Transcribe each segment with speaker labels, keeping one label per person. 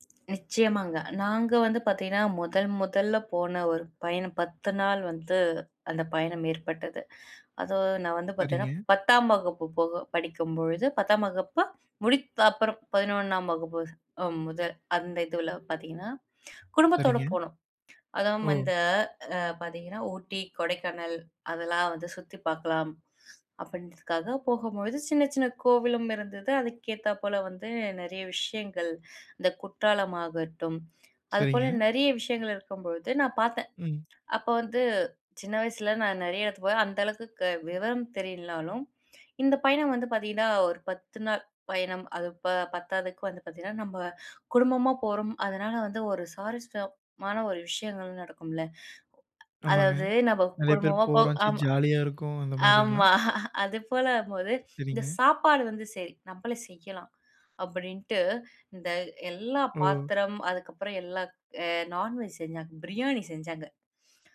Speaker 1: நிச்சியமாங்க. நாங்க வந்து பார்த்தீங்கன்னா, முதல் முதல்ல போன ஒரு பயணம், 10 நாள் வந்து, அந்த பயணம் ஏற்பட்டது. அதுவும் நான் வந்து
Speaker 2: சரிங்க.
Speaker 1: பார்த்தீங்கன்னா, 10ஆம் வகுப்பு போக படிக்கும்பொழுது, 10ஆம் வகுப்பு முடித்த அப்புறம் 11ஆம் வகுப்பு முதல் அந்த இதுல பார்த்தீங்கன்னா குடும்பத்தோட
Speaker 2: சரிங்க.
Speaker 1: போணம். அதுவும்
Speaker 2: ஓ!
Speaker 1: அந்த ஆ பார்த்தீங்கன்னா, ஊட்டி, கொடைக்கானல் அதெல்லாம் வந்து சுத்தி பார்க்கலாம். அப்டின்றதுக்காக போகும்பொழுது சின்ன சின்ன கோவிலும் இருந்தது. அதுக்கு ஏத்தாப்போல வந்து நெறைய விஷயங்கள். இந்த குற்றாலம் ஆகட்டும் அதுப்போல
Speaker 2: சரிங்க.
Speaker 1: நெறைய விஷயங்கள் இருக்கும்பொழுது நான் பார்த்தேன்.
Speaker 2: ம்.
Speaker 1: அப்ப வந்து சின்ன வயசில நான் நெறைய இடத்துக்கு போய் அந்த அளவுக்கு விவரம் தெரியலனாலும் இந்த பயணம் வந்து பார்த்தீங்கன்னா, ஒரு 10 நாள் பயணம். அது ப பத்தாதுக்கு வந்து பார்த்தீங்கன்னா, நம்ம குடும்பமா போறோம் அதனால வந்து ஒரு சாரசட்டமான ஒரு விஷயங்கள் நடக்கும்ல.
Speaker 2: ஆமாங்க.
Speaker 1: அதாவது நம்ம
Speaker 2: நெறைய பேர்
Speaker 1: குடும்பமா போ
Speaker 2: போறோம்
Speaker 1: ஆ
Speaker 2: ஜ ஜாலியா இருக்கும் அந்த மாதிரிங்களா?
Speaker 1: ஆமா அது போல ஆகும் போது. இந்த
Speaker 2: சரிங்க.
Speaker 1: சாப்பாடு வந்து சரி நம்மளே செய்யலாம் அப்டின்ட்டு இந்த எல்லா
Speaker 2: ஓ!
Speaker 1: பாத்திரம் அதுக்கப்புறம் எல்லாம் ஆ நான் வெஜ் செஞ்சாங்க. பிரியாணி செஞ்சாங்க.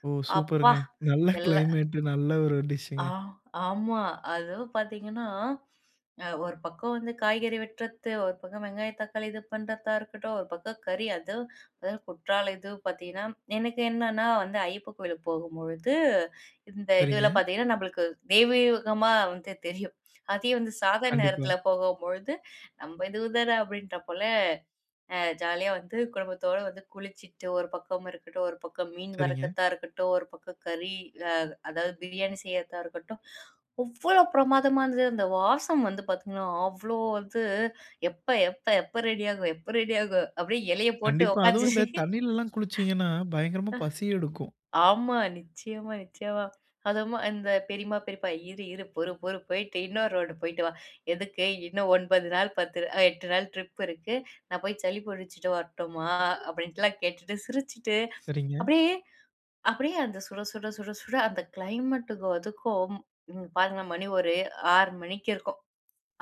Speaker 2: ஓ!
Speaker 1: அப்பா!
Speaker 2: சூப்பர்ங்க, நல்ல
Speaker 1: எல்லாம்
Speaker 2: கிளைமேட் நல்ல ஒரு
Speaker 1: ஆ
Speaker 2: டிஷ்ங்க
Speaker 1: ஆமா. அதுவும் பார்த்தீங்கன்னா, அ ஒருபக்கம் வந்து காய்கறி வெட்றது. 1 பக்கம் வெங்காயம், தக்காளி இது பண்றதா இருக்கட்டும். 1 பக்கம் கறி, அதுவும் அது குற்றாலம் இதுவும் பார்த்தீங்கன்னா எனக்கு என்னன்னா வந்து ஐயப்பன் கோயிலுக்கு போகும்பொழுது இந்த இதில
Speaker 2: சரிங்க.
Speaker 1: பார்த்தீங்கன்னா, நம்மளுக்கு தெய்வீகமா வந்து தெரியும். அதே வந்து சாதாரண
Speaker 2: கண்டிப்பா.
Speaker 1: நேரத்தில போகும்பொழுது, நம்ம இது தான அப்டின்ற போல அ ஜாலியா வந்து குடும்பத்தோட வந்து குளிச்சிட்டு, ஒரு பக்கம் இருக்கட்டும், ஒரு பக்கம் மீன்
Speaker 2: சரிங்க.
Speaker 1: வறுக்கதா இருக்கட்டும், ஒரு பக்கம் கறி ஆ அதாவது பிரியாணி செய்றதா இருக்கட்டும். அவ்வளோ பிரமாதமா இருந்தது. அந்த வாசம் வந்து பார்த்தீங்கன்னா, அவ்வளோ வந்து எப்ப எப்ப எப்ப ரெடி ஆகும்? எப்ப ரெடி ஆகும்? அப்டியே இலைய போட்டு
Speaker 2: கண்டிப்பா, அதுவும் இந்த
Speaker 1: உக்காந்து.
Speaker 2: தண்ணிலலாம் குளிச்சிங்கன்னா, பயங்கரமா பசி எடுக்கும்.
Speaker 1: அ ஆமா, நிச்சியமா, நிச்சியமா. அதும் அந்த பெரியம்மா பெரியப்பா "இரு இரு பொறு பொறு போயிட்டு இன்னொரு ரவுண்டு போயிட்டு வா, எதுக்கு? இன்னும் 9 நாள் 10 அ 8 நாள் ட்ரிப் இருக்கு. நான் போய் சளி புடிச்சிட்டு வரட்டுமா." அப்டின்லாம் கேட்டுட்டு சிரிச்சிட்டு
Speaker 2: சரிங்க.
Speaker 1: அப்டியே அப்டியே அந்த சுட சுட சுட சுட அந்த கிளைமேட்டுக்கும் அதுக்கும் ம். பாருங்களேன் மணி ஒரு 6 மணிக்கு இருக்கும்.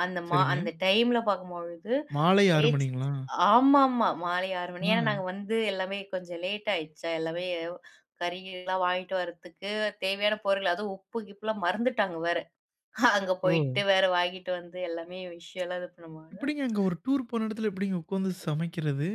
Speaker 1: அந்த மா அந்த
Speaker 2: சரிங்க.
Speaker 1: டைம்ல பார்க்கும்பொழுது,
Speaker 2: மாலை 6
Speaker 1: [unintelligible]
Speaker 2: மணிங்களா?
Speaker 1: ஆமாம்மா மாலை 6 மணி. ஏனா,
Speaker 2: அ,
Speaker 1: நாங்க வந்து எல்லாமே கொஞ்சம் லேட் ஆயிடுச்சா எல்லாமே, கறி கிறிலாம் வாங்கிட்டு வரத்துக்கு தேவையான பொருள். அதுவும் உப்பு கிப்புலாம் மறந்துட்டாங்க வேற. அங்க
Speaker 2: ஓ!
Speaker 1: போயிட்டு வேற வாங்கிட்டு வந்து எல்லாமே விஷயம்லாம் இது பண்ணுபோது
Speaker 2: எப்டிங்க அங்க ஒரு டூர் போன இடத்துல எப்டிங்க உக்காந்து சமைக்கிறது?